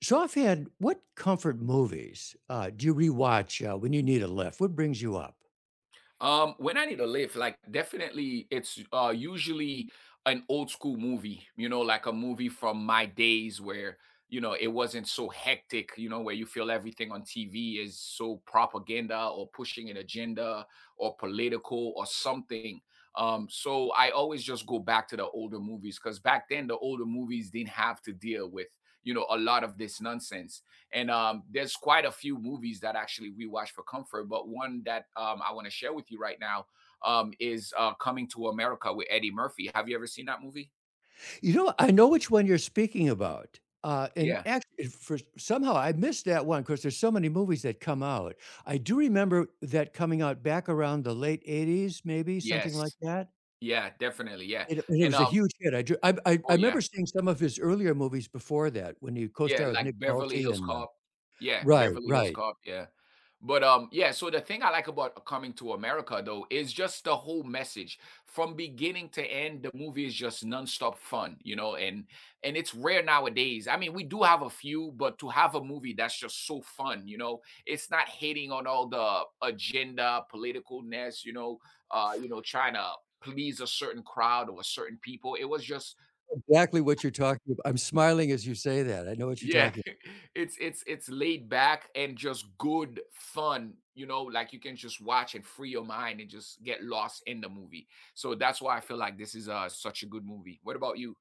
So, off the end, what comfort movies, uh, do you rewatch, uh, when you need a lift? What brings you up? Um, when I need a lift, like definitely it's, uh, usually an old school movie, you know, like a movie from my days where, you know, it wasn't so hectic, you know, where you feel everything on TV is so propaganda or pushing an agenda or political or something. Um, so, I always just go back to the older movies 'cause back then the older movies didn't have to deal with, you know, a lot of this nonsense. And, um, there's quite a few movies that actually we watch for comfort, but one that, um, I wanna share with you right now, um, is, uh, Coming to America with Eddie Murphy, have you ever seen that movie? You know, I know which one you're speaking about, uh, and Yeah. act it first somehow I missed that one 'cause there's so many movies that come out. I do remember that coming out back around the late 80's, maybe something like Yes. that? Yeah, definitely, yeah, It, uh and it and, was a um huge hit, I ju I Oh, I yeah. 'member seeing some of his earlier movies before that when he Yeah, co-starred with Nick like Beverly Nolte Hills and um Cop. Yeah, Right, Beverly Hills right. Cop, yeah. But, um, yeah, so, the thing I like about C Coming to America though, is just the whole message. From beginning to end, the movie is just nonstop fun, you know, and and it's rare nowadays. I mean, we do have a few, but to have a movie that's just so fun, you know, it's not hitting on all the agenda, political nest, you know, uh, you know, trying to please a certain crowd or a certain people, it was just Exactly what you're talking abou I'm smiling as you say that. I know what you're Yeah. talking It's it's it's laid back and just good fun, you know? Like, you can just watch and free your mind and just get lost in the movie. So, that's why I feel like this is a such a good movie. What about you?